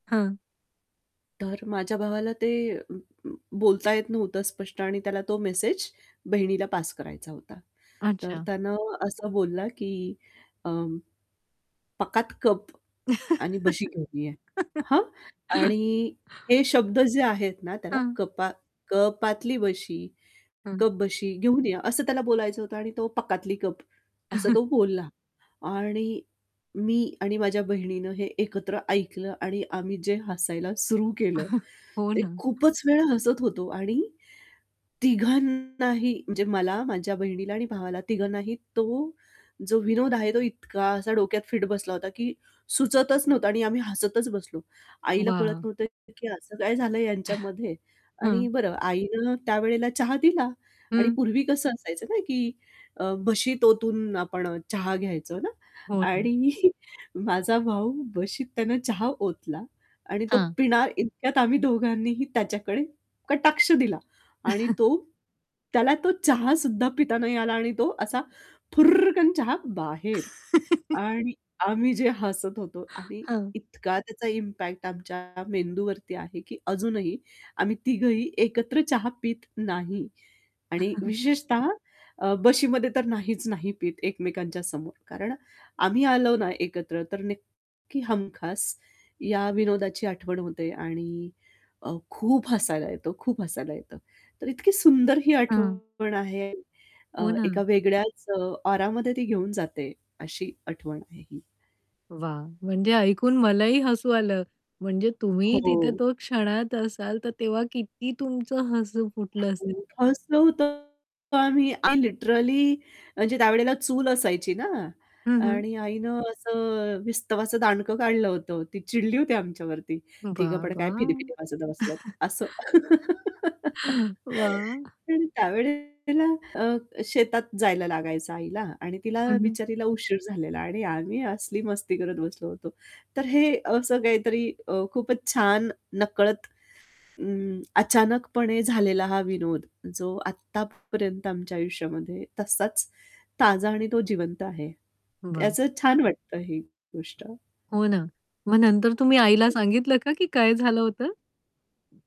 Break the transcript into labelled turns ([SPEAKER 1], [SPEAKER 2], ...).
[SPEAKER 1] हां.
[SPEAKER 2] तर माझ्या भावाला ते बोलता येत नव्हतं स्पष्ट आणि त्याला तो मेसेज बहिणीला पास करायचा होता. तर
[SPEAKER 1] अच्छा.
[SPEAKER 2] त्यानं असं बोलला की अं, "पकात कप आणि बशी घेऊन या." हं. आणि हे शब्द जे आहेत ना, त्याला
[SPEAKER 1] हां.
[SPEAKER 2] तो कपातली बशी,
[SPEAKER 1] हं.
[SPEAKER 2] कप-बशी घेऊन या, असं त्याला बोलायचं होतं आणि तो पकातली कप असं तो बोलला. आणि मी आणि माझ्या बहिणीनं हे एकत्र ऐकलं आणि आम्ही जे हसायला सुरू केलं,
[SPEAKER 1] हो
[SPEAKER 2] ते
[SPEAKER 1] ना.
[SPEAKER 2] खूपच वेळा हसत होतो आणि तिघांनाही म्हणजे मला, माझ्या बहिणीला आणि भावाला तिघांनाही तो जो विनोद आहे, तो इतका असा डोक्यात फिट बसला होता की सुचतच नव्हता आणि आम्ही हसतच बसलो. आईला कळत
[SPEAKER 1] वाह!
[SPEAKER 2] नव्हतं की "असं काय झालं ह्यांच्यामध्ये?" आणि
[SPEAKER 1] हां.
[SPEAKER 2] बरं आईनं त्यावेळेला चहा दिला आणि
[SPEAKER 1] हं.
[SPEAKER 2] पूर्वी कसं असायचं ना की अ, बशीत ओतून आपण चहा घ्यायचो ना.
[SPEAKER 1] हो. ना.
[SPEAKER 2] आणि माझा भाऊ बशीत आहे ना चहा ओतला आणि तो
[SPEAKER 1] हां.
[SPEAKER 2] पिणार इतक्यात आम्ही दोघांनीही त्याच्याकडे कटाक्ष दिला आणि तो त्याला तो चहा सुद्धा पिता नाही आला आणि तो असा फुर्रकन चहा बाहेर आणि आम्ही जे हसत होतो आणि
[SPEAKER 1] हां.
[SPEAKER 2] इतका त्याचा इम्पॅक्ट आमच्या मेंदूवरती आहे की अजूनही आम्ही तिघंही एकत्र चहा पीत नाही. आणि विशेषतः अ, बशीमध्ये तर नाहीच नाही पीत एकमेकांच्या समोर, कारण आम्ही आलो ना एकत्र तर नक्की हमखास या विनोदाची आठवण होते आणि अ, खूप हसायला येतं, खूप हसायला येतं. तर इतकी सुंदर ही
[SPEAKER 1] हां.
[SPEAKER 2] आठवण आहे अ,
[SPEAKER 1] हो
[SPEAKER 2] एका
[SPEAKER 1] ना.
[SPEAKER 2] वेगळ्याच अ, ऑरामध्ये ती घेऊन जाते अशी आठवण आहे ही.
[SPEAKER 1] वाह! म्हणजे ऐकून मलाही हसू आलं. म्हणजे तुम्ही तिथे
[SPEAKER 2] हो.
[SPEAKER 1] तो क्षणात असाल, तर तेव्हा किती तुमचं हसू फुटलं असेल.
[SPEAKER 2] हसलं होतं आम्ही आणि लिटरली म्हणजे त्यावेळेला चूल असायची ना
[SPEAKER 1] हं, हं.
[SPEAKER 2] आणि आईनं असं विस्तवाचं दांडकं काढलं होतं. ती चिडली होती आमच्यावरती तिघं पण
[SPEAKER 1] बाबा!
[SPEAKER 2] काय फिदीफिदी हसत बसलेत असं.
[SPEAKER 1] वाह!
[SPEAKER 2] आणि त्यावेळेला अ, शेतात जायला लागायचं आईला आणि तिला
[SPEAKER 1] हं, हं.
[SPEAKER 2] बिचारीला उशीर झालेला आणि आम्ही असली मस्ती करत बसलो होतो. तर हे असं काहीतरी अ, खूपच छान न नकळत अ, अचानकपणे झालेला हा विनोद जो आत्तापर्यंत आमच्या आयुष्यामध्ये तसाच ताजा आणि तो जिवंत आहे.
[SPEAKER 1] वाह!
[SPEAKER 2] त्याचं छान वाटतं ही गोष्ट.
[SPEAKER 1] हो ना, मग नंतर तुम्ही आईला
[SPEAKER 2] हो.
[SPEAKER 1] सांगितलं का की काय झालं होतं?